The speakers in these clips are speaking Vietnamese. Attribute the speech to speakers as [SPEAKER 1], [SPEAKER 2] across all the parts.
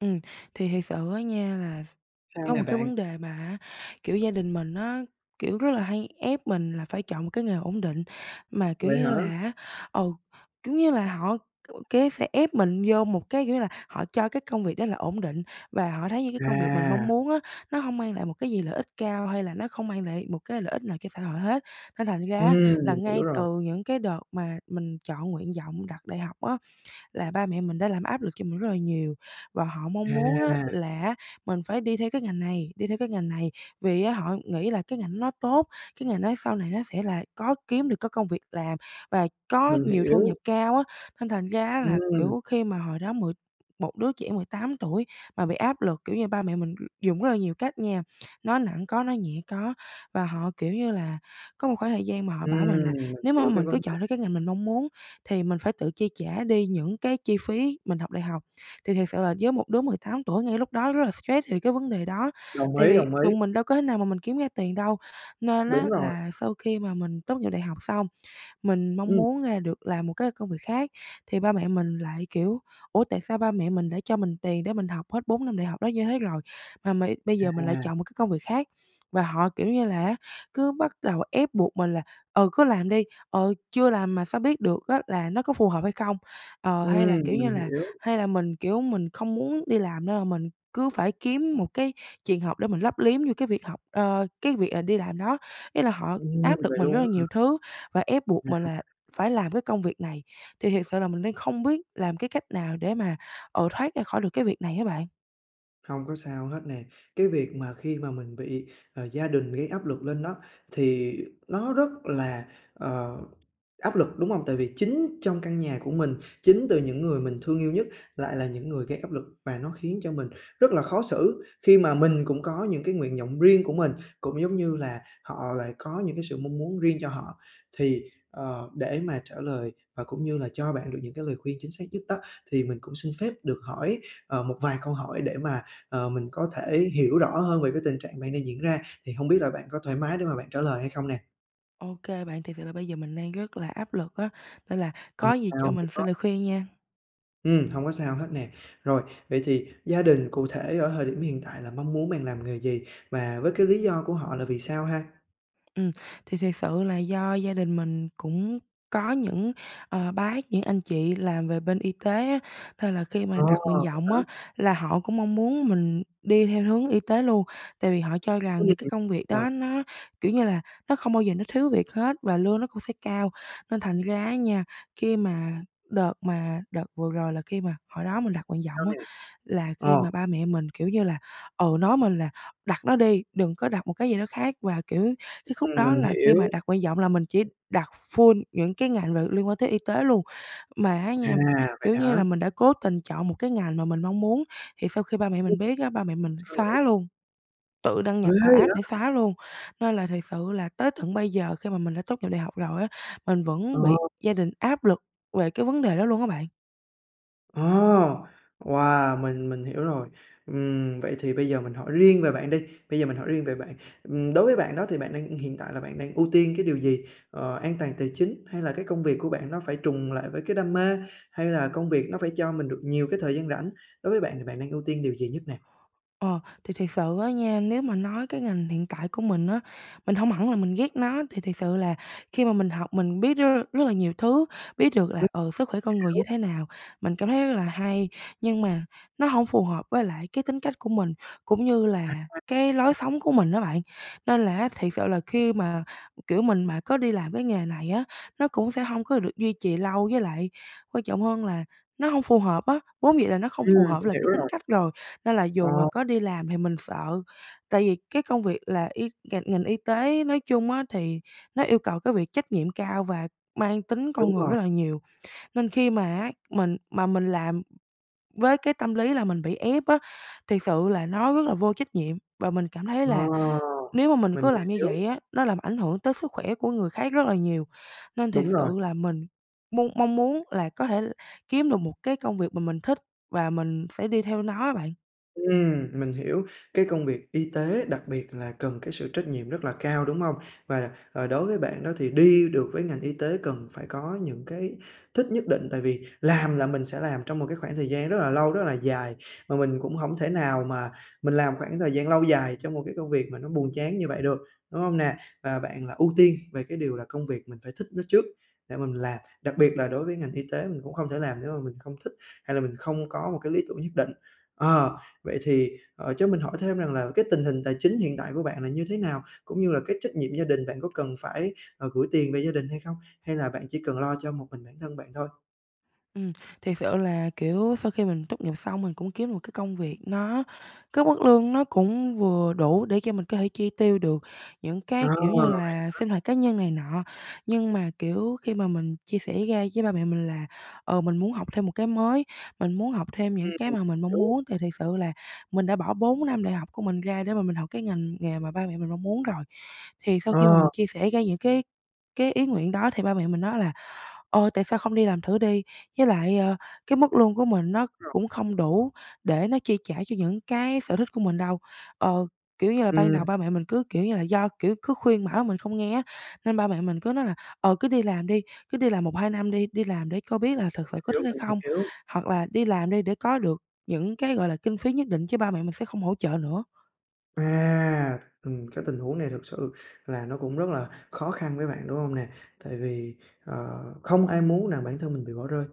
[SPEAKER 1] Ừm, thì thiệt sự á nha, là
[SPEAKER 2] Sao
[SPEAKER 1] có
[SPEAKER 2] nè
[SPEAKER 1] một cái
[SPEAKER 2] bạn?
[SPEAKER 1] vấn đề mà á, kiểu, gia đình mình á, kiểu, rất là hay ép mình là phải chọn một cái nghề ổn định mà, kiểu
[SPEAKER 2] Vậy hả?
[SPEAKER 1] như là á ừ, kiểu như là, họ, kiểu, cái sẽ ép mình vô một cái nghĩa là, họ cho cái công việc đó là ổn định và họ thấy những cái công việc mình mong
[SPEAKER 2] À!
[SPEAKER 1] muốn á nó hông mang lại một cái gì lợi ích cao, hay là nó không mang lại một cái lợi ích nào cho xã hội hết. Nên thành ra
[SPEAKER 2] Ừm,
[SPEAKER 1] á là
[SPEAKER 2] mình hiểu
[SPEAKER 1] ngay
[SPEAKER 2] rồi.
[SPEAKER 1] từ những cái đợt mà mình chọn nguyện vọng đặt đại học á, là ba mẹ mình đã làm áp lực cho mình rất là nhiều, và họ mong muốn á
[SPEAKER 2] À!
[SPEAKER 1] là á mình phải đi theo cái ngành này, đi theo cái ngành này vì á họ nghĩ là cái ngành ấy nó tốt, cái ngành nói sau này nó sẽ là có kiếm được cái công việc làm và có
[SPEAKER 2] Mình
[SPEAKER 1] nhiều thu
[SPEAKER 2] hiểu.
[SPEAKER 1] nhập cao á, nên thành ra á là,
[SPEAKER 2] Ừm.
[SPEAKER 1] kiểu, khi mà hồi đó mười một đứa trẻ 18 tuổi mà bị áp lực, kiểu như, ba mẹ mình dùng rất là nhiều cách nha, nói nặng có nói nhẹ có. Và họ, kiểu như là, có một khoảng thời gian mà họ bảo
[SPEAKER 2] Ừm,
[SPEAKER 1] mình là
[SPEAKER 2] mình
[SPEAKER 1] nếu mà
[SPEAKER 2] hiểu cái
[SPEAKER 1] mình
[SPEAKER 2] vấn
[SPEAKER 1] cứ chọn
[SPEAKER 2] đề.
[SPEAKER 1] theo cái ngành mình mong muốn thì mình phải tự chi trả đi những cái chi phí mình học đại học. Thì thật sự là với một đứa 18 tuổi ngay lúc đó rất là stress thì cái vấn đề đó
[SPEAKER 2] Đồng
[SPEAKER 1] tại
[SPEAKER 2] ý,
[SPEAKER 1] vì
[SPEAKER 2] đồng
[SPEAKER 1] tụi
[SPEAKER 2] ý.
[SPEAKER 1] mình đâu có thể nào mà mình kiếm ra tiền đâu. Nên á
[SPEAKER 2] Đúng rồi.
[SPEAKER 1] là sau khi mà mình tốt nghiệp đại học xong, mình mong
[SPEAKER 2] Ừm.
[SPEAKER 1] muốn, à, được làm một cái công việc khác thì ba mẹ mình lại, kiểu, ủa tại sao ba mẹ mình đã cho mình tiền để mình học hết 4 năm đại học đó như thế rồi, mà mày bây giờ mình lại
[SPEAKER 2] À.
[SPEAKER 1] chọn một cái công việc khác. Và họ, kiểu như là á, cứ bắt đầu ép buộc mình là "Ừ, cứ làm đi, ờ, chưa làm mà sao biết được á là nó có phù hợp hay không" ờ, hay là,
[SPEAKER 2] Ừm,
[SPEAKER 1] kiểu như
[SPEAKER 2] mình
[SPEAKER 1] là,
[SPEAKER 2] hiểu.
[SPEAKER 1] hay là mình, kiểu, mình không muốn đi làm nên là mình cứ phải kiếm một cái trường học để mình lấp liếm vô cái việc học ơ, cái việc là đi làm đó. Ý là họ
[SPEAKER 2] Ừm,
[SPEAKER 1] áp lực
[SPEAKER 2] vậy
[SPEAKER 1] mình rất
[SPEAKER 2] luôn
[SPEAKER 1] là
[SPEAKER 2] á hả?
[SPEAKER 1] nhiều thứ, và ép buộc mình là
[SPEAKER 2] [unintelligible]
[SPEAKER 1] phải làm cái công việc này, thì thiệt sự là mình đang không biết làm cái cách nào để mà, ờ, thoát ra khỏi được cái việc này á bạn?
[SPEAKER 2] Hông có sao hết nè, cái việc mà khi mà mình bị, à, gia đình gây áp lực lên đó, thì nó rất là, ờ, áp lực, đúng hông? Tại vì chính trong căn nhà của mình, chính từ những người mình thương yêu nhất lại là những người gây áp lực, và nó khiến cho mình rất là khó xử, khi mà mình cũng có những cái nguyện vọng riêng của mình, cũng, giống như là, họ lại có những cái sự mong muốn riêng cho họ. Thì, ờ, để mà trả lời và cũng như là cho bạn được những cái lời khuyên chính xác nhất đó, thì mình cũng xin phép được hỏi, ờ, một vài câu hỏi để mà, ờ, mình có thể hiểu rõ hơn về cái tình trạng bạn đang diễn ra. Thì hông biết là bạn có thoải mái để mà bạn trả lời hay không nè?
[SPEAKER 1] Ô kê bạn, thiệt sự là bây giờ mình đang rất là áp lực á, nên là
[SPEAKER 2] Không
[SPEAKER 1] có gì cho
[SPEAKER 2] sao
[SPEAKER 1] mình xin lời
[SPEAKER 2] [unintelligible]
[SPEAKER 1] khuyên nha.
[SPEAKER 2] Ừm, hông có sao hết nè. Rồi, vậy thì gia đình cụ thể ở thời điểm hiện tại là mong muốn bạn làm nghề gì? Và với cái lý do của họ là vì sao ha?
[SPEAKER 1] Ừm, thì thiệt sự là do gia đình mình cũng có những, ờ, bác, những anh chị làm về bên y tế á, nên là khi
[SPEAKER 2] Ờ!
[SPEAKER 1] mà đặt nguyện
[SPEAKER 2] Vậy
[SPEAKER 1] vọng
[SPEAKER 2] hả?
[SPEAKER 1] á là họ cũng mong muốn mình đi theo hướng y tế luôn, tại vì họ cho rằng
[SPEAKER 2] Ừm,
[SPEAKER 1] những cái công việc
[SPEAKER 2] đúng rồi.
[SPEAKER 1] đó nó, kiểu như là, nó không bao giờ nó thiếu việc hết, và lương nó cũng sẽ cao. Nên thành ra á nha, khi mà đợt mà đợt vừa rồi là khi mà hồi đó mình đặt nguyện
[SPEAKER 2] Sao
[SPEAKER 1] vọng á,
[SPEAKER 2] nè?
[SPEAKER 1] là khi
[SPEAKER 2] Ờ.
[SPEAKER 1] mà ba mẹ mình, kiểu như là, ừ, nói mình là "Đặt nó đi, đừng có đặt một cái gì đó khác" và, kiểu, cái khúc
[SPEAKER 2] Ừm,
[SPEAKER 1] đó
[SPEAKER 2] mình
[SPEAKER 1] là khi
[SPEAKER 2] hiểu.
[SPEAKER 1] mà đặt nguyện vọng là mình chỉ đặt full những cái ngành v liên quan tới y tế luôn. Mà á nha,
[SPEAKER 2] À, vậy
[SPEAKER 1] kiểu như là,
[SPEAKER 2] hả?
[SPEAKER 1] mình đã cố tình chọn một cái ngành mà mình mong muốn thì sau khi ba mẹ
[SPEAKER 2] [unintelligible]
[SPEAKER 1] mình biết á, ba mẹ mình
[SPEAKER 2] Sao nữa?
[SPEAKER 1] xóa luôn, tự đăng
[SPEAKER 2] Ghê
[SPEAKER 1] nhập vào app để
[SPEAKER 2] vậy!
[SPEAKER 1] xóa luôn. Nên là thiệt sự là tới tận bây giờ khi mà mình đã tốt nghiệp đại học rồi á, mình
[SPEAKER 2] Ờ.
[SPEAKER 1] vẫn bị gia đình áp lực về cái vấn đề đó luôn á bạn.
[SPEAKER 2] Ờ! Wow! Mình mình hiểu rồi. Ừm, vậy thì bây giờ mình hỏi riêng về bạn đi, bây giờ mình hỏi riêng về bạn. Ừm, đối với bạn đó thì bạn đang hiện tại là bạn đang ưu tiên cái điều gì? Ờ, an toàn tài chính hay là cái công việc của bạn nó phải trùng lại với cái đam mê? Hay là công việc nó phải cho mình được nhiều cái thời gian rảnh? Đối với bạn thì bạn đang ưu tiên điều gì nhất nè?
[SPEAKER 1] Ờ, thì thiệt sự á nha, nếu mà nói cái ngành hiện tại của mình á, mình hông hẳn là mình ghét nó. Thì thiệt sự là khi mà mình học mình biết rất rất là nhiều thứ, biết được
[SPEAKER 2] Ừm,
[SPEAKER 1] là, ờ, sức khỏe con người như
[SPEAKER 2] hiểu.
[SPEAKER 1] thế nào, mình cảm thấy rất là hay. Nhưng mà nó hổng phù hợp với lại cái tính cách của mình cũng như
[SPEAKER 2] À,
[SPEAKER 1] là cái
[SPEAKER 2] à, đó.
[SPEAKER 1] lối sống của mình á bạn. Nên là á thiệt sự là khi mà, kiểu, mình mà có đi làm cái nghề này á nó cũng sẽ hông có được duy trì lâu. Với lại quan trọng hơn là nó hông phù hợp á, vốn dĩ là nó không
[SPEAKER 2] Ừm,
[SPEAKER 1] phù hợp
[SPEAKER 2] mình
[SPEAKER 1] là
[SPEAKER 2] hiểu
[SPEAKER 1] cái tính
[SPEAKER 2] rồi.
[SPEAKER 1] cách rồi, nên là
[SPEAKER 2] Ờ.
[SPEAKER 1] dù là có đi làm thì mình sợ tại vì cái công việc là y ngành ngành y tế nói chung á thì nó yêu cầu cái việc trách nhiệm cao và mang tính
[SPEAKER 2] Đúng
[SPEAKER 1] con người rất
[SPEAKER 2] rồi.
[SPEAKER 1] là nhiều. Nên khi mà á, mình mà mình làm với cái tâm lý là mình bị ép á, thiệt sự là nó rất là vô trách nhiệm. Và mình cảm thấy
[SPEAKER 2] Ờ,
[SPEAKER 1] là nếu mà mình
[SPEAKER 2] mình
[SPEAKER 1] cứ làm như
[SPEAKER 2] hiểu.
[SPEAKER 1] vậy á, nó làm ảnh hưởng tới sức khỏe của người khác rất là nhiều, nên thiệt
[SPEAKER 2] Đúng
[SPEAKER 1] sự
[SPEAKER 2] rồi.
[SPEAKER 1] là mình mong mong muốn là có thể kiếm được một cái công việc mà mình thích và mình sẽ đi theo nó á bạn.
[SPEAKER 2] Ừm, mình hiểu cái công việc y tế đặc biệt là cần cái sự trách nhiệm rất là cao, đúng hông? Và đặc à, đối với bạn đó thì đi được với ngành y tế cần phải có những cái thích nhất định, tại vì làm là mình sẽ làm trong một cái khoảng thời gian rất là lâu, rất là dài. Mà mình cũng hổng thể nào mà mình làm khoảng thời gian lâu dài trong một cái công việc mà nó buồn chán như vậy được, đúng hông nè? Và bạn là ưu tiên về cái điều là công việc mình phải thích nó trước để mà mình làm. Đặc biệt là đối với ngành y tế mình cũng không thể làm nếu mà mình không thích, hay là mình không có một cái lý tưởng nhất định. Ờ, vậy thì, ờ, cho mình hỏi thêm rằng là cái tình hình tài chính hiện tại của bạn là như thế nào? Cũng như là cái trách nhiệm gia đình bạn có cần phải, ờ, gửi tiền về gia đình hay không? Hay là bạn chỉ cần lo cho một mình bản thân bạn thôi?
[SPEAKER 1] Ừm, thiệt sự là, kiểu, sau khi mình tốt nghiệp xong mình cũng kiếm một cái công việc nó cái mức lương nó cũng vừa đủ, để cho mình có thể chi tiêu được những
[SPEAKER 2] À,
[SPEAKER 1] cái, kiểu như
[SPEAKER 2] vậy
[SPEAKER 1] là,
[SPEAKER 2] hả?
[SPEAKER 1] sinh hoạt cá nhân này nọ, nhưng mà, kiểu, khi mà mình chia sẻ ra với ba mẹ mình là, ờ, mình muốn học thêm một cái mới, mình muốn học thêm những cái
[SPEAKER 2] Ừm,
[SPEAKER 1] mà mình mong
[SPEAKER 2] đúng
[SPEAKER 1] muốn thì thiệt sự là mình đã bỏ 4 năm đại học của mình ra để mà mình học cái ngành nghề mà ba mẹ mình mong muốn rồi. Thì sau khi mà
[SPEAKER 2] Ờ.
[SPEAKER 1] mình chia sẻ ra những cái cái ý nguyện đó thì ba mẹ mình nói là, ờ, "Tại sao không đi làm thử đi?", với lại, ơ, cái mức lương của mình nó
[SPEAKER 2] Rồi.
[SPEAKER 1] cũng không đủ để nó chi trả cho những cái sở thích của mình đâu. Ờ, kiểu như là, ban
[SPEAKER 2] Ừm.
[SPEAKER 1] đầu ba mẹ mình cứ, kiểu như là, do, kiểu, cứ khuyên bảo mình không nghe á nên ba mẹ mình cứ nói là, ờ, "cứ đi làm đi, cứ đi làm 1-2 năm đi, đi làm để cho biết là thật sự có
[SPEAKER 2] Hiểu,
[SPEAKER 1] thích hay
[SPEAKER 2] mình
[SPEAKER 1] không,
[SPEAKER 2] hiểu.
[SPEAKER 1] hoặc là đi làm đi để có được những cái, gọi là, kinh phí nhất định" chứ ba mẹ mình sẽ không hỗ trợ nữa.
[SPEAKER 2] À! Ừm, cái tình huống này thực sự là nó cũng rất là khó khăn với bạn, đúng hông nè? Tại vì, ờ, không ai muốn rằng bản thân mình bị bỏ rơi,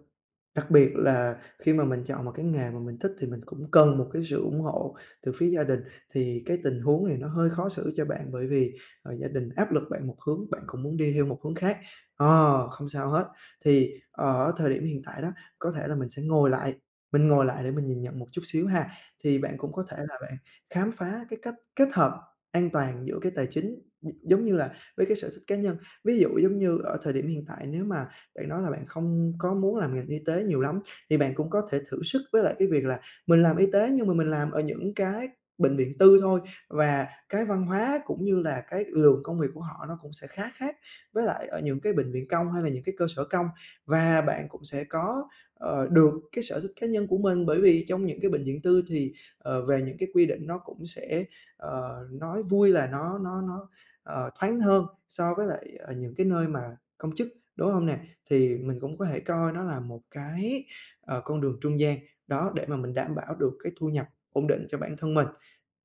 [SPEAKER 2] đặc biệt là khi mà mình chọn một cái nghề mà mình thích thì mình cũng cần một cái sự ủng hộ từ phía gia đình thì cái tình huống này nó hơi khó xử cho bạn bởi vì, à, gia đình áp lực bạn một hướng, bạn cũng muốn đi theo một hướng khác. Ờ, không sao hết! Thì ở thời điểm hiện tại đó, có thể là mình sẽ ngồi lại, mình ngồi lại để mình nhìn nhận một chút xíu ha. Thì bạn cũng có thể là bạn khám phá cái cách kết hợp an toàn giữa cái tài chính chính, gi giống như là, với cái sở thích cá nhân. Ví dụ, giống như ở thời điểm hiện tại nếu mà bạn nói là bạn không có muốn làm ngành y tế nhiều lắm, thì bạn cũng có thể thử sức với lại cái việc là mình làm y tế, nhưng mà mình làm ở những cái bệnh viện tư thôi và cái văn hóa cũng như là cái lượng công việc của họ nó cũng sẽ khá khác với lại ở những cái bệnh viện công, hay là những cái cơ sở công và bạn cũng sẽ có, ờ, được cái sở thích cá nhân của mình bởi vì trong những cái bệnh viện tư thì, ờ, về những cái quy định nó cũng sẽ, ờ, nói vui là nó nó nó, ờ, thoáng hơn so với lại, ờ, những cái nơi mà công chức, đúng hông nè? Thì mình cũng có thể coi nó là một cái, ờ, con đường trung gian, đó, để mà mình đảm bảo được cái thu nhập ổn định cho bản thân mình.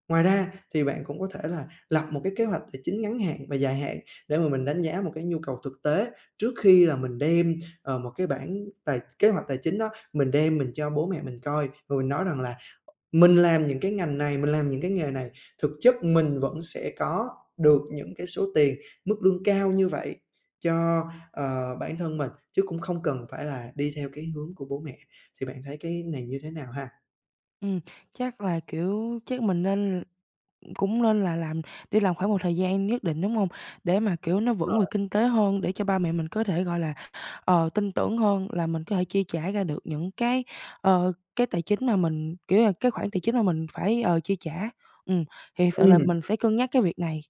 [SPEAKER 2] Ngoài ra thì bạn cũng có thể là lập một cái kế hoạch tài chính ngắn hạn và dài hạn để mà mình đánh giá một cái nhu cầu thực tế, trước khi là mình đem, ờ, một cái bảng tài kế hoạch tài chính đó, mình đem mình cho bố mẹ mình coi và mình nói rằng là mình làm những cái ngành này, mình làm những cái nghề này, thực chất mình vẫn sẽ có được những cái số tiền, mức lương cao như vậy cho, ờ, bản thân mình, chứ cũng không cần phải là đi theo cái hướng của bố mẹ. Thì bạn thấy cái này như thế nào ha?
[SPEAKER 1] Ừm, chắc là, kiểu chắc mình nên cũng nên là làm đi làm khoảng một thời gian nhất định, đúng hông? Để mà, kiểu, nó
[SPEAKER 2] Đúng
[SPEAKER 1] vững về
[SPEAKER 2] rồi.
[SPEAKER 1] kinh tế hơn. Để cho ba mẹ mình có thể, gọi là, ờ, tin tưởng hơn là mình có thể chi trả ra được những cái, ờ, cái tài chính mà mình kiểu là, cái khoản tài chính mà mình phải, ờ, chi trả, ừm. Thì thật sự là
[SPEAKER 2] Ừm.
[SPEAKER 1] mình sẽ cân nhắc cái việc này.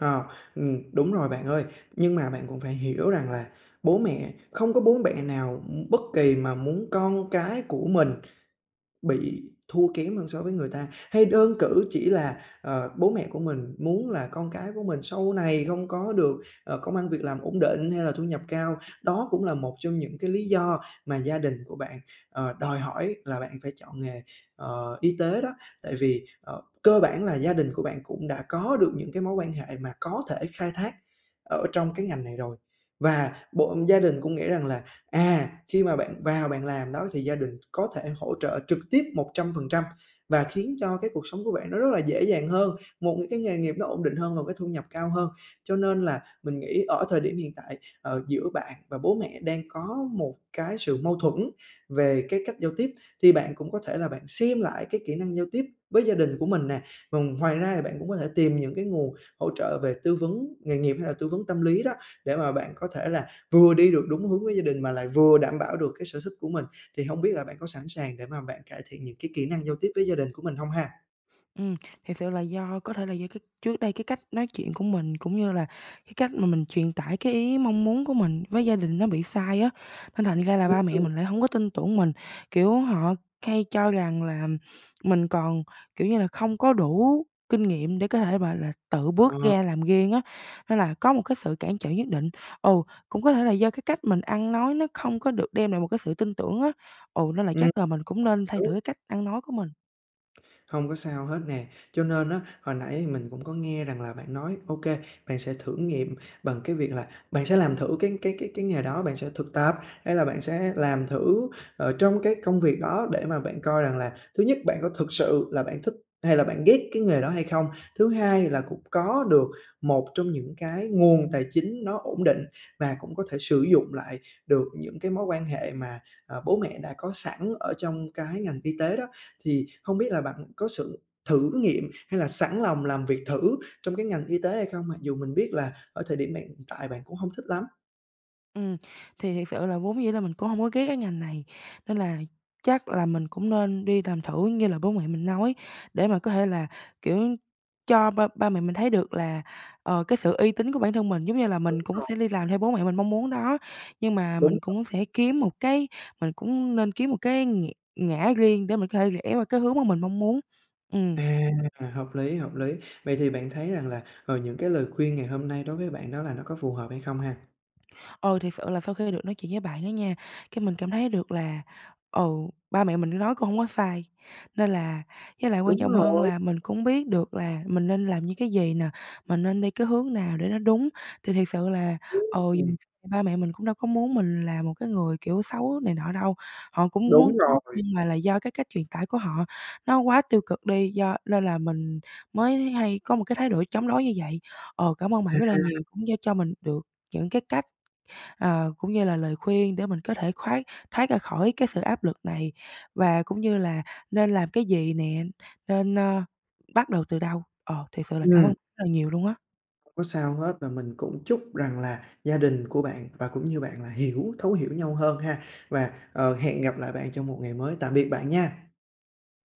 [SPEAKER 2] Ờ, ừm, đúng rồi bạn ơi. Nhưng mà bạn cũng phải hiểu rằng là bố mẹ không có bố bẹ nào, ưm, bất kỳ mà muốn con cái của mình bị thua kém hơn so với người ta. Hay đơn cử chỉ là, ờ, bố mẹ của mình muốn là con cái của mình sau này không có được, ờ, công ăn việc làm ổn định hay là thu nhập cao. Đó cũng là một trong những cái lý do mà gia đình của bạn, ờ, đòi hỏi là bạn phải chọn nghề, ờ, y tế đó. Tại vì, ờ, cơ bản là gia đình của bạn cũng đã có được những cái mối quan hệ mà có thể khai thác ở trong cái ngành này rồi. Và bộ gia đình cũng nghĩ rằng là, à, khi mà bạn vào bạn làm đó thì gia đình có thể hỗ trợ trực tiếp 100%, và khiến cho cái cuộc sống của bạn nó rất là dễ dàng hơn, một những cái nghề nghiệp nó ổn định hơn và cái thu nhập cao hơn. Cho nên là mình nghĩ ở thời điểm hiện tại, ờ, giữa bạn và bố mẹ đang có một cái sự mâu thuẫn về cái cách giao tiếp, thì bạn cũng có thể là bạn xem lại cái kỹ năng giao tiếp với gia đình của mình nè. Vần ngoài ra thì bạn cũng có thể tìm những cái nguồn hỗ trợ về tư vấn nghề nghiệp hay là tư vấn tâm lý đó, để mà bạn có thể là vừa đi được đúng hướng với gia đình mà lại vừa đảm bảo được cái sở thích của mình. Thì hông biết là bạn có sẵn sàng để mà bạn cải thiện những cái kỹ năng giao tiếp với gia đình của mình hông ha?
[SPEAKER 1] Ừm, thiệt sự là do có thể là do cái trước đây cái cách nói chuyện của mình, cũng như là cái cách mà mình truyền tải cái ý, mong muốn của mình với gia đình nó bị sai á, nên thành ra là ba mẹ
[SPEAKER 2] [unintelligible]
[SPEAKER 1] mình lại hông có tin tưởng mình, kiểu, họ hay cho rằng là mình còn, kiểu như là, không có đủ kinh nghiệm để có thể, mà là, tự bước
[SPEAKER 2] Ờ.
[SPEAKER 1] ra làm riêng á, nên là có một cái sự cản trở nhất định. Ừ, cũng có thể là do cái cách mình ăn nói nó không có được đem lại một cái sự tin tưởng á, ừ, nên là
[SPEAKER 2] Ừm.
[SPEAKER 1] chắc là mình cũng nên thay
[SPEAKER 2] Đúng.
[SPEAKER 1] đổi cái cách ăn nói của mình.
[SPEAKER 2] Hông có sao hết nè, cho nên á, hồi nãy thì mình cũng có nghe rằng là bạn nói OK, bạn sẽ thử nghiệm bằng cái việc là bạn sẽ làm thử cái cái cái cái nghề đó, bạn sẽ thực tập, hay là bạn sẽ làm thử, ờ, trong cái công việc đó để mà bạn coi rằng là thứ nhất bạn có thực sự là bạn thích hay là bạn ghét cái nghề đó hay không. Thứ hai là cũng có được một trong những cái nguồn tài chính nó ổn định và cũng có thể sử dụng lại được những cái mối quan hệ mà, à, bố mẹ đã có sẵn ở trong cái ngành y tế đó, thì hông biết là bạn có sự thử nghiệm, hay là sẵn lòng làm việc thử trong cái ngành y tế hay không? Mặc dù mình biết là ở thời điểm bạn hiện tại bạn cũng hông thích lắm?
[SPEAKER 1] Ừm, thì thiệt sự là vốn dĩ là mình cũng hông có ghét cái ngành này, nên là chắc là mình cũng nên đi làm thử, như là bố mẹ mình nói, để mà có thể là, kiểu, cho ba ba mẹ mình thấy được là, ờ, cái sự uy tín của bản thân mình. Giống như là mình
[SPEAKER 2] Đúng
[SPEAKER 1] cũng
[SPEAKER 2] rồi.
[SPEAKER 1] sẽ đi làm theo bố mẹ mình mong muốn đó, nhưng mà
[SPEAKER 2] Đúng
[SPEAKER 1] mình
[SPEAKER 2] rồ
[SPEAKER 1] cũng sẽ kiếm một cái mình cũng nên kiếm một cái nghĩ ngã riêng để mình có thể rẽ vào cái hướng mà mình mong muốn, ừm.
[SPEAKER 2] À, hợp lý, hợp lý. Vậy thì bạn thấy rằng là, ừ, những cái lời khuyên ngày hôm nay đối với bạn đó là nó có phù hợp hay không ha?
[SPEAKER 1] Ờ, thiệt sự là sau khi được nói chuyện với bạn đó nha, cái mình cảm thấy được là, ừ, ba mẹ mình nói cũng hổng có sai. Nên là với lại quan
[SPEAKER 2] Đúng
[SPEAKER 1] trọng hơn
[SPEAKER 2] rồi.
[SPEAKER 1] là mình cũng biết được là mình nên làm như cái gì nè, mình nên đi cái hướng nào để nó đúng, thì thiệt sự là,
[SPEAKER 2] Ừm,
[SPEAKER 1] ừ,
[SPEAKER 2] ừm.
[SPEAKER 1] ba mẹ mình cũng đâu có muốn mình là một cái người, kiểu, xấu này nọ đâu. Họ cũng muốn
[SPEAKER 2] Đúng
[SPEAKER 1] tốt,
[SPEAKER 2] rồi.
[SPEAKER 1] nhưng mà là do cái cách truyền tải của họ nó quá tiêu cực đi, do nên là mình mới hay có một cái thái độ chống đối như vậy. Ờ, cảm ơn bạn rất là
[SPEAKER 2] À!
[SPEAKER 1] nhiều, cũng như cho mình được những cái cách, ờ, cũng như là lời khuyên để mình có thể khoác thoát ra khỏi cái sự áp lực này, và cũng như là nên làm cái gì nè, nên, ơ, bắt đầu từ đâu. Ờ, thiệt sự là cảm ơn
[SPEAKER 2] Ừm.
[SPEAKER 1] rất là nhiều luôn á!
[SPEAKER 2] Không có sao hết, và mình cũng chúc rằng là gia đình của bạn, và cũng như bạn là hiểu thấu hiểu nhau hơn ha. Và, ờ, hẹn gặp lại bạn trong một ngày mới, tạm biệt bạn nha!